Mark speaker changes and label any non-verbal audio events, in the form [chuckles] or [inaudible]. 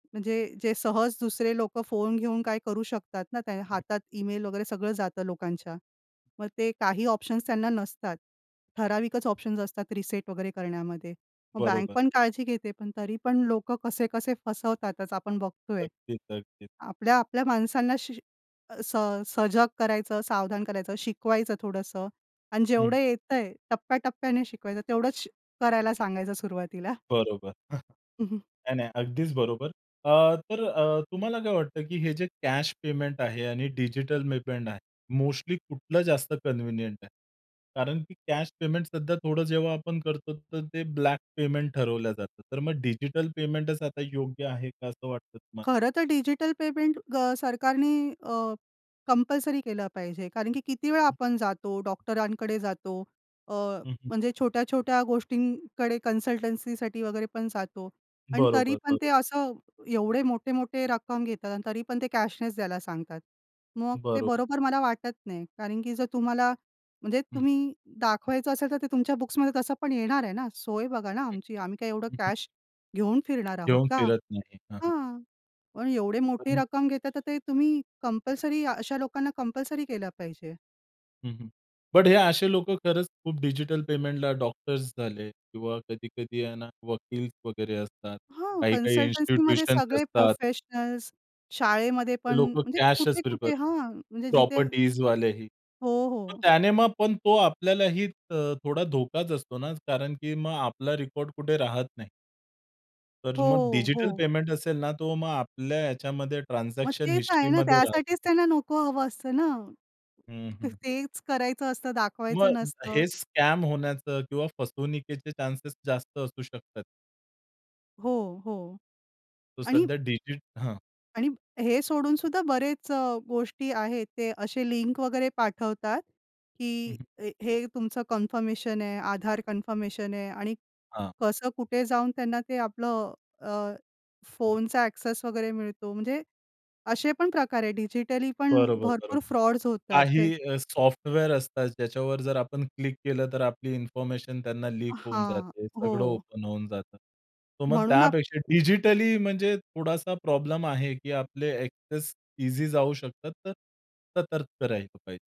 Speaker 1: म्हणजे जे सहज दुसरे लोकं फोन घेऊन काय करू शकतात ना? त्या हातात ईमेल वगैरे सगळं जातं लोकांच्या. मग ते काही ऑप्शन्स त्यांना नसतात. ठराविकच ऑप्शन्स असतात रिसेट वगैरे करण्यामध्ये. मग बँक
Speaker 2: बरोबर.
Speaker 1: पण काळजी घेते पण तरी पण लोकं कसे-कसे फसवतातच आपण बघतोय.
Speaker 2: अगदीच, अगदीच.
Speaker 1: आपल्या-आपल्या माणसांना श अ, स सजग करायचं, सावधान करायचं, शिकवायचं थोडंसं आणि
Speaker 2: हं.
Speaker 1: जेवढं येतंय टप्प्या-टप्प्याने शिकवायचं, तेवढंच श करायला सांगायचं सुरुवातीला. [chuckles]
Speaker 2: बरोबर. [chuckles]
Speaker 1: हं, हं.
Speaker 2: नाही, नाही. अगदीच बरोबर. अ, तर अ, तुम्हाला काय वाटतं की हे जे कॅश पेमेंट आहे आणि डिजिटल पेमेंट आहे, मोस्टली कुठलं जास्त कन्व्हिनियंट आहे? कारण की कॅश पेमेंट सध्या थोडं जेव्हा आपण करतो तर ते ब्लॅक पेमेंट ठरवलं जातं. तर मग डिजिटल पेमेंटच आता योग्य आहे का असं वाटतं तुम्हाला?
Speaker 1: खरं तर डिजिटल पेमेंट ग सरकारनी अ, कंपल्सरी केलं पाहिजे. कारण की किती वेळ आपण जातो, डॉक्टरांकडे जातो, अ,
Speaker 2: हं, हं.
Speaker 1: म्हणजे छोट्या-छोट्या गोष्टींकडे कन्सल्टंसीसाठी वगैरे पण जातो. पण तरी
Speaker 2: बरोबर,
Speaker 1: पण ते
Speaker 2: बरोबर.
Speaker 1: असं एवढे मोठे-मोठे रक्कम घेतात अन् तरी पण ते कॅशनेच द्यायला सांगतात. मग ते
Speaker 2: बरोबर.
Speaker 1: बरोबर मला वाटत नाही. कारण की जर तुम्हाला म्हणजे
Speaker 2: हं.
Speaker 1: तुम्ही दाखवायचं असेल तर ते तुमच्या बुक्समध्ये तसं पण येणार आहे ना? सोय बघा ना आमची. आम्ही काय एवढं कॅश घेऊन फिरणार आहोत
Speaker 2: घेऊन
Speaker 1: का?
Speaker 2: फिरत नाही. हां, हां.
Speaker 1: हां! पण एवढी मोठी
Speaker 2: आणि
Speaker 1: रक्कम घेता तर ते तुम्ही कंपल्सरी अ, अशा लोकांना कंपल्सरी केलं पाहिजे.
Speaker 2: हं, हं. बट हे असे लोकं खरंच खूप डिजिटल पेमेंटला डॉक्टर्स झाले किंवा कधी-कधी आहे ना वकील वगैरे असतात.
Speaker 1: हां.
Speaker 2: काही-काही
Speaker 1: कन्सल्टंसीमध्ये
Speaker 2: इन्स्टिट्यूशन्स
Speaker 1: सगळे
Speaker 2: असतात.
Speaker 1: प्रोफेशनल्स, शाळेमध्ये
Speaker 2: ते
Speaker 1: पण
Speaker 2: लोकं
Speaker 1: म्हणजे
Speaker 2: कॅशच प्रिफर
Speaker 1: कुठे-कुठे हां. म्हणजे जिथे
Speaker 2: प्रॉपर्टीजवालेही.
Speaker 1: हो,
Speaker 2: मग
Speaker 1: हो.
Speaker 2: त्याने मग पण तो आपल्यालाही अ, थोडा धोकाच असतो ना, कारण की मग आपला रेकॉर्ड कुठे राहत नाही. तर मग
Speaker 1: हो.
Speaker 2: डिजिटल
Speaker 1: हो.
Speaker 2: पेमेंट असेल ना तो मग आपल्या याच्यामध्ये
Speaker 1: मग
Speaker 2: ट्रान्झॅक्शन
Speaker 1: तेच आहे ना.
Speaker 2: हिस्ट्रीमध्ये राहतो.
Speaker 1: त्यासाठीच त्यांना नको हवं असतं ना.
Speaker 2: हं,
Speaker 1: त
Speaker 2: हं.
Speaker 1: तेच करायचं असतं दाखवायचं
Speaker 2: मग
Speaker 1: नसतं.
Speaker 2: हे स्कॅम होण्याचं किंवा फसवणुकीचे चान्सेस जास्त असू शकतात.
Speaker 1: हो, हो.
Speaker 2: तो
Speaker 1: आणि
Speaker 2: सध्या डिजिट हां.
Speaker 1: आणि हे सोडून सुद्धा बरेच अ, गोष्टी आहेत. ते असे लिंक वगैरे पाठवतात
Speaker 2: हं,
Speaker 1: की
Speaker 2: हं.
Speaker 1: अ, हे तुमचं कन्फर्मेशन आहे, आधार कन्फर्मेशन आहे आणि
Speaker 2: हां.
Speaker 1: कसं कुठे जाऊन त्यांना ते आपलं अ, अ, फोनचा ॲक्सेस वगैरे मिळतो. म्हणजे असे पण प्रकार आहे. डिजिटली पण
Speaker 2: बरोबर, बरोबर.
Speaker 1: भरपूर फ्रॉड्स होतात.
Speaker 2: काही
Speaker 1: तर
Speaker 2: अ, सॉफ्टवेअर असतात ज्याच्यावर जर आपण क्लिक केलं तर आपली इन्फॉर्मेशन त्यांना लीक होऊन
Speaker 1: हां.
Speaker 2: जाते. सगळं
Speaker 1: हो.
Speaker 2: ओपन होऊन जातं. तर मग
Speaker 1: म्हणून आप
Speaker 2: त्यापेक्षा डिजिटली म्हणजे थोडासा प्रॉब्लेम आहे की आपले ॲक्सेस ईझी जाऊ शकतात. तर सतर्क राहिलं पाहिजे.